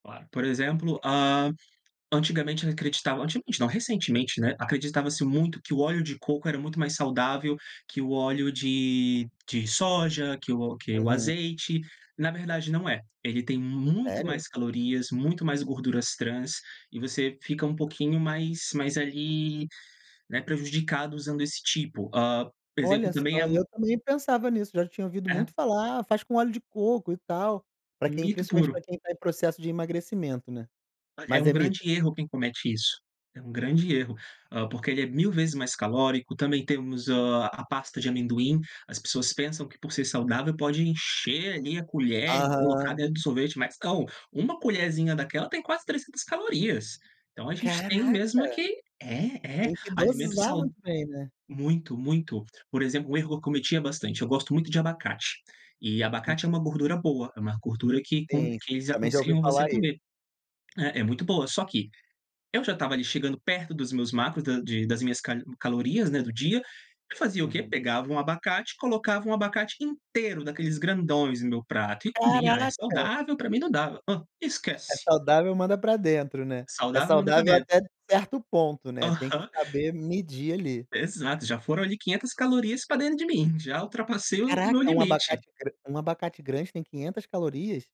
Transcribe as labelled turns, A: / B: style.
A: Claro, por exemplo, hã, antigamente acreditava antigamente não, recentemente, né, acreditava-se muito que o óleo de coco era muito mais saudável que o óleo de de soja, que o que o
B: Uhum.
A: azeite, na verdade não é, ele tem muito
B: Sério?
A: mais calorias, muito mais gorduras trans e você fica um pouquinho mais mais, ali, né, prejudicado usando esse tipo. Hã, por exemplo
B: Olha
A: também a
B: só, e
A: m
B: eu também pensava nisso, já tinha ouvido
A: É.
B: muito falar, "ah, faz com óleo de coco, e tal". Pra quem
A: Mito
B: principalmente
A: puro.
B: pra quem tá em processo de emagrecimento, né.
A: Olha, é
B: Mas
A: um
B: é mito?
A: grande erro quem comete isso, é um grande erro, hã, porque ele é 1000 vezes mais calórico, também temos, hã, a pasta de amendoim, as pessoas pensam que por ser saudável pode encher, ali, a colher e colocar
B: Aham.
A: dentro do sorvete, mas não, uma colherzinha daquela tem quase 300 calorias. Então a gente tem mesmo é
B: Caraca.
A: que é, é,
B: Tem que
A: alimento
B: dosar
A: sau
B: muito bem, né.
A: muito, muito. Por exemplo, o erro que eu cometia bastante, eu gosto muito de abacate, e
B: Hum.
A: abacate é uma gordura boa, é uma gordura que com
B: Sim,
A: que
B: sim,
A: eles
B: também já ouvi
A: aconselham você
B: falar isso.
A: comer, é é muito boa. Só que, eu já estava, ali, chegando perto dos meus macros da de das minhas cali calorias, né, do dia, eu fazia o quê?
B: Uhum.
A: Pegava um abacate, colocava um abacate inteiro daqueles grandões no meu prato e comia, "ah, é
B: Caraca.
A: saudável, pra mim não dava", hã,
B: É é
A: esquece.
B: saudável, manda pra dentro, né. É
A: Saudável, manda pra
B: saudável
A: dentro.
B: até de certo ponto, né, tem que
A: Aham.
B: saber medir, ali.
A: Exato, já foram, ali, 500 calorias pra dentro de mim, já ultrapassei o o meu
B: Caraca, um
A: limite.
B: abacate gra um abacate grande tem 500 calorias?